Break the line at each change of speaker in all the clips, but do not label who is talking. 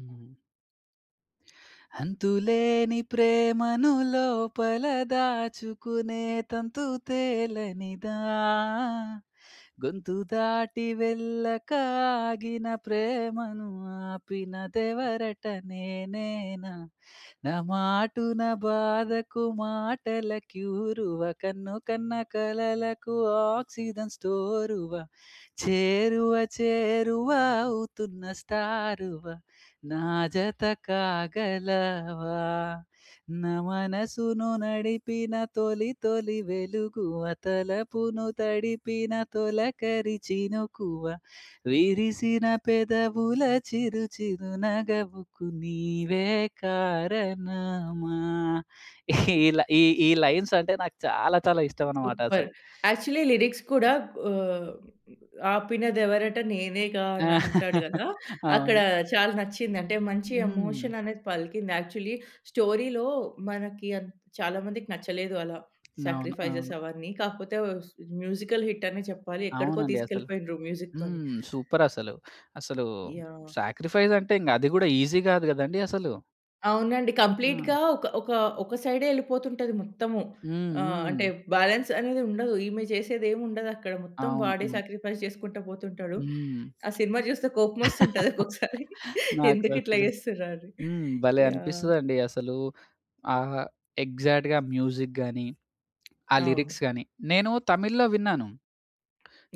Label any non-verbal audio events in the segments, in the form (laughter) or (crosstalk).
హ్మ్. అంతులేని ప్రేమను లోపల దాచుకునే తంతు తేలనిదా, గొంతు దాటి వెళ్ళక ఆగిన ప్రేమను ఆపినదెవరట నేనేనా, నా మాటున బాధకు మాటల క్యూరువ, కన్ను కన్న కలలకు ఆక్సిజన్ స్టోరువ, చేరువ చేరువ అవుతున్న స్టారు‌వ, నా జత కాగలవా నా మనసును నడిపిన తొలి తొలి వెలుగువ తలపును తడిపిన తొలకరి చినుకువ విరిసిన పెదవుల చిరు చిరునగవుకు నీవే కారణమా (chuckles) ఇలా ఈ ఈ లైన్సంటే నాకు చాలా చాలా
సూపర్!
ఇష్టమన్నమాటసలు.
యాక్చువ‌ల్లీ లిరిక్స్ కూడా ఆహ్, 'అపినదేవరట నేనేగా'
ఆ!
అనంటాడు
(laughs)
కదా! అక్కడ
అవును.
చాలా నచ్చిందంటే మంచి
హ్మ్.
ఎమోషననేది పలికింది. యాక్చువ‌ల్లీ స్టోరీ‌లో మనకి అం చాలా మందికి నచ్చలేదు అలా
అవును.
సాక్రిఫైస్స్
అవును.
అవన్నీ. కాకపోతే స్ మ్యూజికల్ హిట్ అనే చెప్పాలి. ఎక్కడికో
అవునండి. అసలు
తీసుకెళ్ళిపోయిండ్రు మ్యూజిక్‌తోని.
హ్మ్. సూపరసలు. అసలు
యాహ్!
సాక్రిఫైస్ అంటే ఇంక అది కూడా ఈజి కాదు కదండీ అసలు.
అవునండి.
ఆ!
కంప్లీట్‌గా ఒక, ఒక, ఒక సైడే ఎళ్ళిపోతుంటది మొత్తము.
హ్మ్.
ఆహ్, అంటే
హ్మ్.
బాలన్స్ అనేదుండదు. ఈమె చేసేదేముండదక్కడ మొత్తం
అవును.
వాడే
హ్మ్.
సాక్రిఫైస్ చేసుకుంట పోతుంటాడు.
హ్మ్.
ఆ సినిమా చూస్తే కొపమోస్తుంటది
(laughs)
ఒక్కొక్కసారి
నాకు
ఎందుకిట్లా
అసలు
చేస్తుర్రా అని.
హ్మ్. భలే
యాహ్!
అనిపిస్తదండి. అసలు ఆహ్, ఎగ్జాక్ట్‌గా మ్యూజిక్ గాని, ఆ లిరిక్స్
అవును.
కానీ. నేను తమిళ్‌లో విన్నాను.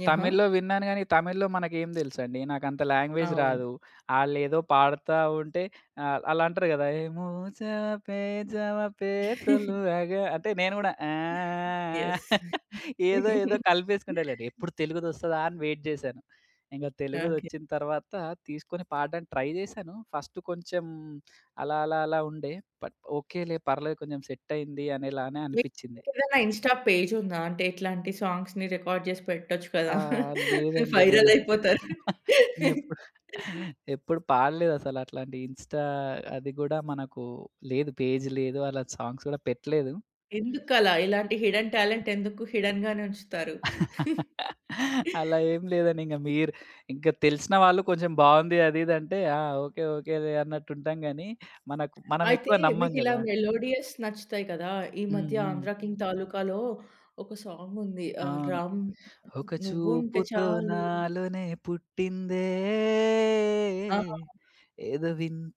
యహా!
తమిళ్‌లో విన్నాను గానీ, తమిళ్‌లో మనకేం తెలుసండి? నాకంత లాంగ్వేజ్
అవును.
రాదు. ఆళ్లేదో పాడుతా ఉంటే ఆహ్, ఆళ్లంటారు కదా! ఏమోచ‌వ పేజవ పేసొలు
(chuckles)
అగా అంటే నేను కూడా (humming)
యెస్!
(chuckles) ఏదో ఏదో
(laughs)
కలిపేసుకుంటలెండి. ఎప్పుడు తెలుగు‌దొస్తదా అని వెయిట్ జేశాను. ఇంక
ఓకే.
తెలుగుదొచ్చిన తర్వాత తీసుకొని పాడడానికి ట్రై చేశాను. ఫస్ట్ కొంచెం అలా అలా అలా ఉండే. బట్ ఓకేలే పర్లేదు కొంచెం సెట్టయింది అనేలానే
మీకు
అనిపిచింది.
ఏదైనా ఇన్‌స్టా పేజుందా? అంటే ఇట్లాంటి సాంగ్స్‌ని రికార్డ్ జేసి పెట్టొచ్చు
ఆ!
కదా!
లేదండి. నేను అసలు
వైరలైపోతారు.
ఎప్పుడు ఎప్పుడు పాడలేదు అసలట్లాంటి ఇన్‌స్టా అది కూడా మనకు లేదు, పేజ్ లేదు. అలా సాంగ్స్ కూడా పెట్టలేదు.
ఎందుకలా? ఇలాంటి హిడెన్ టాలెంట్ ఎందుకు హిడెన్ గానే ఉంచుతారు? (chuckles)
(laughs) అలా ఏం లేదండి. ఇంక మీరు ఇంక తెలిసిన వాళ్ళు కొంచెం బావుంది అది ఇది అంటే, ఆ! ఓకే ఓకే‌లే అన్నట్టుంటాం గాని మనకు
అయితే
మనమేక్కువ నమ్మం
మీకిలా
గదా!
మెలోడీయస్ నచ్చుతాయి కదా! ఈ
హ్మ్.
మధ్య
హ్మ్.
'ఆంధ్ర కింగ్ తాలూకాలో' ఒక సాం‌గుంది. ఆహ్,
అవును.
రామ్
ఒక
'నువ్వుంటే
చూపుతో
చాలు.'
నాలోనే పుట్టిందే
ఆ!
ఏదో విన్